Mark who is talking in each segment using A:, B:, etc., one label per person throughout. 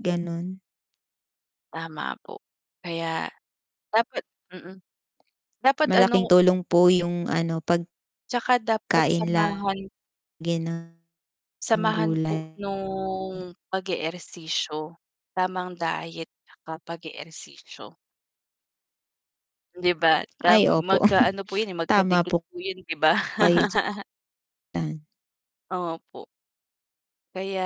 A: Ganun.
B: Tama po. Kaya dapat mm. Dapat
A: Malaking
B: ano
A: tulong po yung ano pag
B: Tsaka dapat
A: kain
B: samahan.
A: lagi ng
B: Samahan po
A: gulay
B: nung pag-eehersisyo, tamang diet at pag-eehersisyo. 'Di ba? Tam
A: Ay opo.
B: magka-ano po yun eh,
A: Tama
B: magkadikit
A: po.
B: po yun 'di ba?
A: [unintelligible]
B: Opo. Kaya,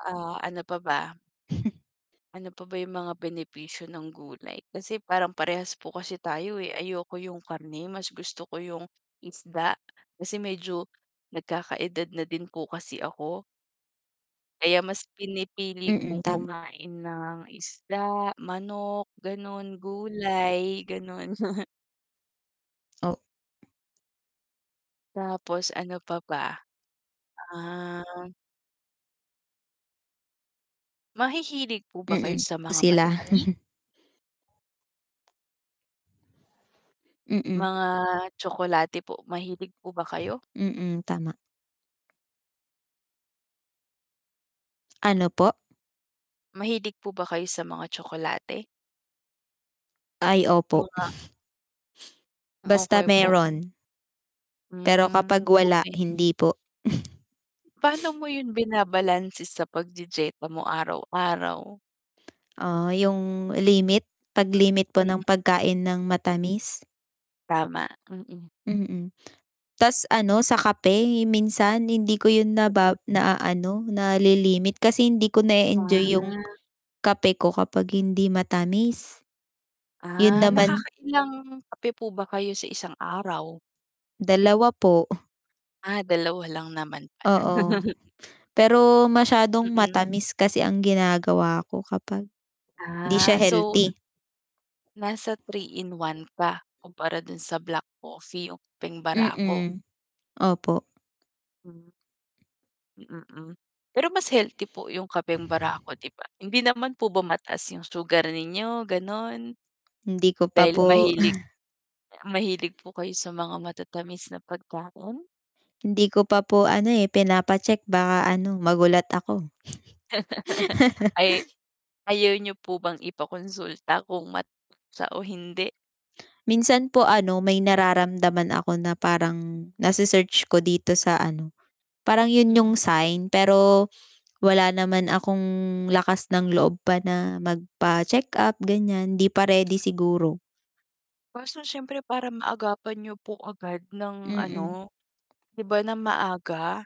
B: ah, ano pa ba. Ano pa ba yung mga benepisyo ng gulay kasi parang parehas po kasi tayo, eh, ayoko yung karne mas gusto ko yung isda kasi medyo nagkakaedad na din po kasi ako. Kaya mas pinipili
A: Mm,
B: kong
A: tama.
B: kumain ng isda, manok ganun, gulay ganun.
A: O
B: Tapos ano pa ba? Ah. Mahihilig po ba kayo
A: Mm,
B: sa mga
A: sila.
B: matatamis?
A: Mm.
B: Mga tsokolate po mahilig po ba kayo?
A: Mm, tama. Ano po?
B: Mahilig po ba kayo sa mga tsokolate?
A: Ay opo.
B: Mga
A: Basta
B: Okey po.
A: meron. Pero
B: Hmm,
A: kapag wala
B: okey.
A: hindi po.
B: Pano mo yun binabalanse sa pagdye-dyeta mo araw-araw?
A: Ah, yung limit. Paglimit po ng pagkain ng matamis?
B: Tama, mm.
A: Mm, tas ano sa kape minsan hindi ko yun na ba
B: Mm.
A: naano nalilimit kasi hindi ko na-e-enjoy yung
B: Ah.
A: kape ko kapag hindi matamis. Yun
B: Ah,
A: naman
B: nakakailang kape po ba kayo sa isang araw?
A: Dalawa po.
B: Ah, dalawa lang naman pala.
A: Oo, pero masyadong
B: Mm.
A: matamis kasi ang ginagawa ko kapag, hindi
B: Ah,
A: siya
B: so
A: healthy.
B: nasa 3 in 1 ka, kumpara dun sa black coffee o kapeng barako?
A: Mm, opo.
B: Hmm. Mm, pero mas healthy po yung kapeng barako 'di ba? Hindi naman po ba mataas yung sugar ninyo ganon?
A: Hindi ko pa
B: Dahil
A: po
B: mahilig, mahilig po kayo sa mga matatamis na pagkain?
A: Hindi ko pa po ano eh pinapa-check baka ano magulat ako.
B: Ay, ayaw niyo po bang ipa-konsulta kung mataas siya o hindi?
A: Minsan po ano may nararamdaman ako na parang nase-search ko dito sa ano, parang yun
B: Mm.
A: yung sign pero wala naman akong lakas ng loob pa na magpa-check up ganyan di pa ready siguro.
B: Kaso siyempre para maagapan niyo po agad ng
A: Mm.
B: ano, 'di ba ng maaga.